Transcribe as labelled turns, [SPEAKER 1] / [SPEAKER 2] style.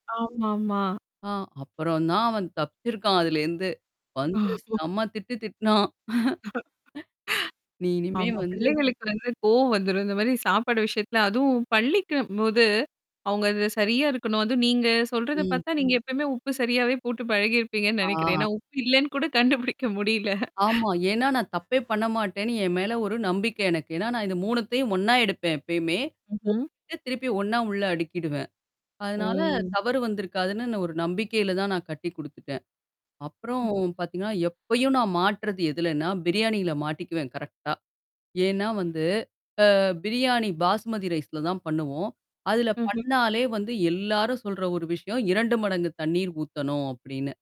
[SPEAKER 1] ஆமாமா.
[SPEAKER 2] ஆ! அப்புறம் தான், அவன் தப்புச்சிருக்கான் அதுலேந்து. வந்து செம்ம திட்டு திட்டுனான். நீ இனிமே
[SPEAKER 1] ஆமா.
[SPEAKER 2] வந்து
[SPEAKER 1] பிள்ளைகளுக்கு வந்து கோவம் வந்துரும். இந்த மாரி சாப்பாடு விஷயத்துல அதுவும் பள்ளிக்கும்போது, அவங்க அதுல சரியா இருக்கணும். அதுவும் நீங்க சொல்றத
[SPEAKER 2] ம்.
[SPEAKER 1] பாத்தா, நீங்க எப்பயுமே உப்பு சரியாவே போட்டு பழகியிருப்பீங்கன்னு நெனைக்கிறேன்.
[SPEAKER 2] ஆ.
[SPEAKER 1] ஏன்னா உப்பு இல்லன்னு கூட கண்டுபிடிக்க முடில.
[SPEAKER 2] ஆமா. ஏன்னா, நான் தப்பே பண்ண மாட்டேன்னு என் மேல ஒரு நம்பிக்கை எனக்கு. ஏன்னா நான் இந்த 3த்தயும் ஒண்ணா எடுப்பேன் எப்பயுமே.
[SPEAKER 1] ம்ஹ்ம்.
[SPEAKER 2] போட்டுட்டு திருப்பி ஒண்ணா உள்ள அடுக்கிடுவேன். அதுனால
[SPEAKER 1] ஓ!
[SPEAKER 2] தவறு வந்திருக்காதுன்னு நான் ஒரு நம்பிக்கையில தான் நான் கட்டி குடுத்துட்டேன். அப்புறம் பாத்தீங்கன்னா, எப்பயும் நான் மாட்டுறது எதுலன்னா, பிரியாணில மாட்டிக்குவேன் கரெக்ட்டா. ஏன்னா வந்து அ பிரியாணி பாஸ்மதி ரைஸ்ல தான் பண்ணுவோம். அதுல
[SPEAKER 1] ம்ஹ்ம்.
[SPEAKER 2] பண்ணாலே வந்து எல்லாரும் சொல்ற ஒரு விஷயம், 2 மடங்கு தண்ணீர் ஊத்தணும் அப்டின்னு.